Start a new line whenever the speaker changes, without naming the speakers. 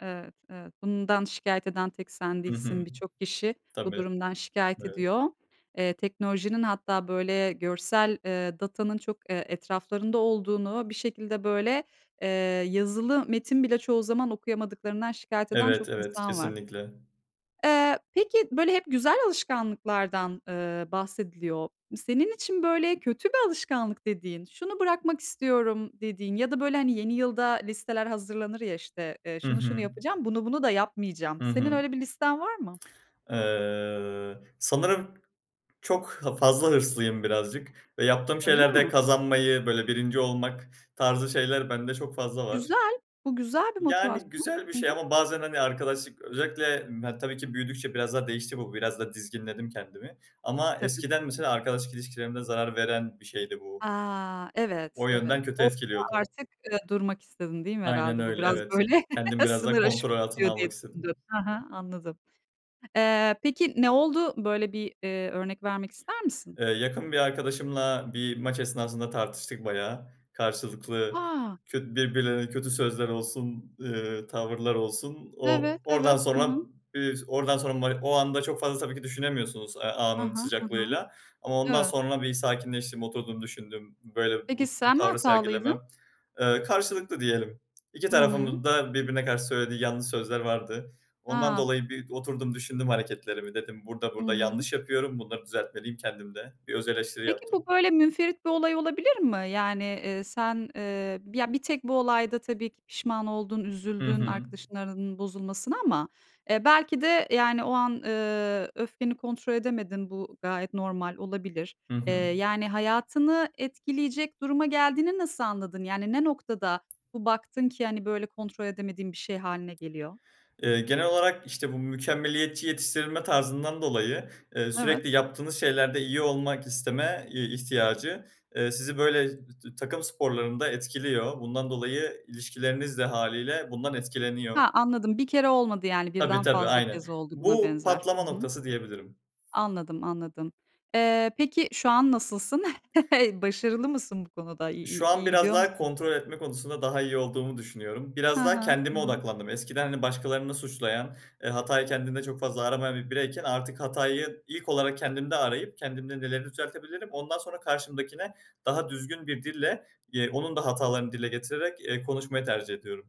Evet, evet. Bundan şikayet eden tek sen
Hı hı.
değilsin. Birçok kişi bu
Tabii,
durumdan şikayet
evet.
ediyor. Eee, teknolojinin hatta, böyle, görsel, eee, datanın çok, eee, etraflarında olduğunu, bir şekilde, böyle, eee, yazılı metin bile çoğu zaman okuyamadıklarından şikayet eden çok
Evet, evet.
insan var.
Kesinlikle.
Eee, peki, böyle, hep güzel alışkanlıklardan, ııı, bahsediliyor. Senin için, böyle, kötü bir alışkanlık dediğin, şunu bırakmak istiyorum dediğin ya da, böyle, hani, yeni yılda listeler hazırlanır, ya, işte, eee,
Hı
"Şunu, şunu
hı.
yapacağım, bunu, bunu da yapmayacağım."
Hı
Senin
hı.
öyle bir listen var mı?
Eee, sanırım çok ha fazla hırslıyım birazcık ve yaptığım
Öyle
şeylerde
mi?
kazanmayı, böyle, 1'inci olmak tarzı şeyler bende çok fazla var.
Güzel. Bu güzel bir
Yani,
motivasyon,
güzel bir
hı
şey
hı.
ama bazen, hani, arkadaşlık, özellikle, yani, tabii ki büyüdükçe biraz daha değişti bu. Biraz da dizginledim kendimi ama
Tabii,
eskiden
hı
mesela
hı.
arkadaşlık ilişkilerimde zarar veren bir şeydi bu.
A! Evet,
O
evet.
yönden kötü
Orada
etkiliyordu.
artık, ııı, durmak istedin değil mi
Aynen
herhâlde? Bu
öyle,
biraz,
evet.
böyle,
Kendimi biraz daha
sınır
kontrol
aşımına
altına
gidiyor diye
almak
düşündün.
istedim.
Hı hı, anladım. Eee, peki ne oldu? Böyle bir, eee, örnek vermek ister misin?
Eee, yakın bir arkadaşımla bir maç esnasında tartıştık bayağı. Karşılıklı
A!
kö birbirlerine kötü sözler olsun, ııı, tavırlar olsun, o
Evet,
oradan
Evet. Hı
sonra,
hı.
eee, oradan sonra ma o anda çok fazla tabii ki düşünemiyorsunuz, eee,
Hı
anın
hı, hı hı.
sıcaklığıyla ama ondan
Evet.
sonra bir sakinleştim, oturdum, düşündüm, böyle,
Peki,
bu bu
sen mi
tavrı
hatalıydın?
sergilemem Eee, karşılıklı diyelim. 2
Hı hı.
tarafın da birbirine karşı söylediği yanlış sözler vardı. Ondan
A!
dolayı bir oturdum, düşündüm hareketlerimi. Dedim: "Burada,
I
burada
hı.
yanlış yapıyorum. Bunları düzeltmeliyim kendimde." Bir özeleştiri
Peki, bu,
yaptım.
böyle, münferit bir olay olabilir mi? Yani, eee, sen, eee, ya, bir tek bu olayda tabii ki pişman oldun,
Hı
üzüldün
hı.
arkadaşınla aranın bozulmasına ama, eee, belki de, yani, o an, ııı, öfkeni kontrol edemedin. Bu gayet normal, olabilir.
Hı
Eee,
hı.
yani, hayatını etkileyecek duruma geldiğini nasıl anladın? Yani ne noktada bu baktın ki, hani, böyle kontrol edemediğin bir şey hâline geliyor?
Eee, genel olarak, işte, bu mükemmeliyetçi yetiştirilme tarzından dolayı, ııı,
Evet.
sürekli yaptığınız şeylerde iyi olmak isteme i ihtiyacı, eee, sizi, böyle, t takım sporlarında etkiliyor. Bundan dolayı ilişkileriniz de hâliyle bundan etkileniyor.
Ha! Anladım. 1 kere olmadı, yani.
Tabii,
Birden
tabii.
fazla
Aynen.
kez oldu buna
Bu
benzer, hı
patlama
hı.
noktası diyebilirim.
Anladım, anladım. Eee, peki, şu an nasılsın? Başarılı mısın bu konuda? İ i
Şu an
iyi
biraz
gidiyor
daha
musun?
kontrol etme konusunda daha iyi olduğumu düşünüyorum.
Hı
Biraz daha
hı.
kendime
[unintelligible]
odaklandım. Eskiden, hani, başkalarını suçlayan, eee, hatayı kendinde çok fazla aramayan bir bireyken artık hatayı ilk olarak kendimde arayıp kendimde neleri düzeltebilirim ondan sonra karşımdakine daha düzgün bir dille, eee, onun da hatalarını dile getirerek, eee, konuşmayı tercih ediyorum.